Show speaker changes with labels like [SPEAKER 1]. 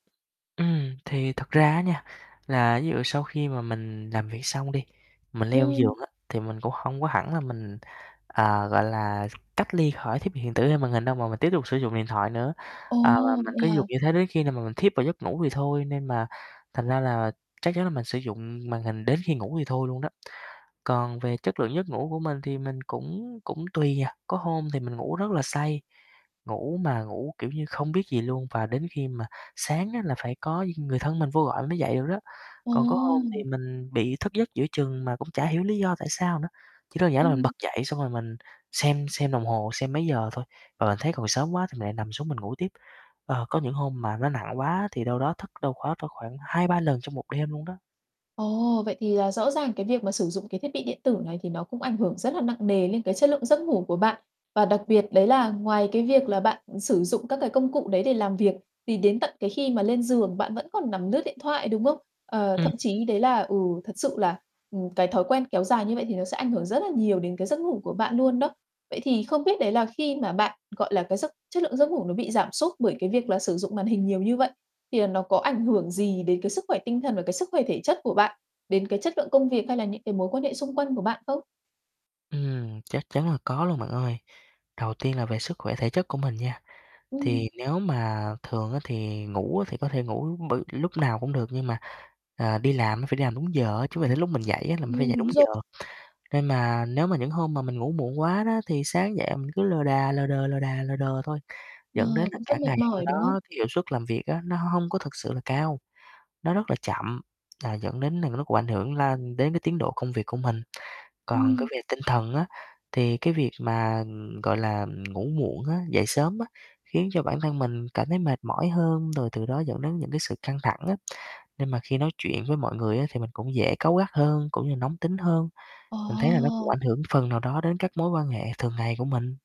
[SPEAKER 1] Ừm, thì thật ra á nha, là ví dụ sau khi mà mình làm việc xong đi, mình leo giường
[SPEAKER 2] Ừm.
[SPEAKER 1] á, thì mình cũng hông có hẳn là mình, à, gọi là, cách ly khỏi thiết bị hiện tử, hay màn hình đâu, mà mình tiếp tục sử dụng điện thoại nữa.
[SPEAKER 2] Ồ,
[SPEAKER 1] À, và mình
[SPEAKER 2] vậy
[SPEAKER 1] cứ dùng
[SPEAKER 2] à?
[SPEAKER 1] như thế đến khi nào mà mình thiếp vào giấc ngủ thì thôi, nên mà thành ra là chắc chắn là mình sử dụng màn hình đến khi ngủ thì thôi luôn đó. Còn về chất lượng giấc ngủ của mình thì mình cũng cũng tùy à, có hôm thì mình ngủ rất là say, ngủ mà ngủ kiểu như không biết gì luôn và đến khi mà sáng á là phải có người thân mình vô gọi mình mới dậy được đó. Còn có hôm thì
[SPEAKER 2] Ồ!
[SPEAKER 1] mình bị thức giấc giữa chừng mà cũng chả hiểu lý do tại sao nữa, chỉ đơn giản là mình
[SPEAKER 2] Ừm.
[SPEAKER 1] bật dậy xong rồi mình xem xem đồng hồ xem mấy giờ thôi và mình thấy còn sớm quá thì lại nằm xuống mình ngủ tiếp. Ờ, có những hôm mà nó nặng quá thì đâu đó thức đâu đó cỡ khoảng 2, 3 lần trong 1 đêm luôn đó.
[SPEAKER 2] Ồ, vậy thì là rõ ràng cái việc mà sử dụng cái thiết bị điện tử này thì nó cũng ảnh hưởng rất là nặng nề lên cái chất lượng giấc ngủ của bạn. Và đặc biệt đấy là ngoài cái việc là bạn, ừ, sử dụng các cái công cụ đấy để làm việc thì đến tận cái khi mà lên giường bạn vẫn còn nằm lướt điện thoại, đúng không? Ờ, thậm
[SPEAKER 1] Ừm.
[SPEAKER 2] chí đấy là ừ, thật sự là, ừm, cái thói quen kéo dài như vậy thì nó sẽ ảnh hưởng rất là nhiều đến cái giấc ngủ của bạn luôn đó. Vậy thì không biết đấy là khi mà bạn, gọi là, cái giấc chất lượng giấc ngủ nó bị giảm sút bởi cái việc là sử dụng màn hình nhiều như vậy thì là nó có ảnh hưởng gì đến cái sức khỏe tinh thần và cái sức khỏe thể chất của bạn, đến cái chất lượng công việc, hay là những cái mối quan hệ xung quanh của bạn không?
[SPEAKER 1] Ừm, chắc chắn là có luôn bạn ơi. Đầu tiên là về sức khỏe thể chất của mình nha, thì
[SPEAKER 2] Ừm.
[SPEAKER 1] nếu mà thường á thì ngủ á thì có thể ngủ bởi lúc nào cũng được, nhưng mà, à, đi làm á phải đi làm đúng giờ á, chứ mà đến lúc mình dậy á là mình phải
[SPEAKER 2] Ừm,
[SPEAKER 1] dậy đúng
[SPEAKER 2] đúng
[SPEAKER 1] giờ.
[SPEAKER 2] rồi.
[SPEAKER 1] Nên mà nếu mà những hôm mà mình ngủ muộn quá đó thì sáng dậy mình cứ lờ đà, lờ đờ, lờ đà, lờ đờ thôi, dẫn đến
[SPEAKER 2] Ờ,
[SPEAKER 1] là
[SPEAKER 2] cũng rất
[SPEAKER 1] cả ngày
[SPEAKER 2] mệt
[SPEAKER 1] hôm
[SPEAKER 2] mỏi, đúng không?
[SPEAKER 1] đó cái hiệu suất làm việc á, nó hông hông có thực sự là cao, nó rất là chậm là dẫn đến là nó cũng ảnh hưởng lan đến cái tiến độ công việc của mình. Còn cái
[SPEAKER 2] Ừm.
[SPEAKER 1] về tinh thần á thì cái việc mà, ừm, gọi là, ừm, ngủ muộn á, dậy sớm á, khiến cho bản thân mình cảm thấy mệt mỏi hơn, rồi từ đó dẫn đến những cái sự căng thẳng á. Nên mà khi nói chuyện với mọi người á thì mình cũng dễ cáu gắt hơn, cũng như nóng tính hơn, mình thấy là nó cũng
[SPEAKER 2] Ồ!
[SPEAKER 1] ảnh hưởng phần nào đó đến các mối quan hệ thường ngày của mình.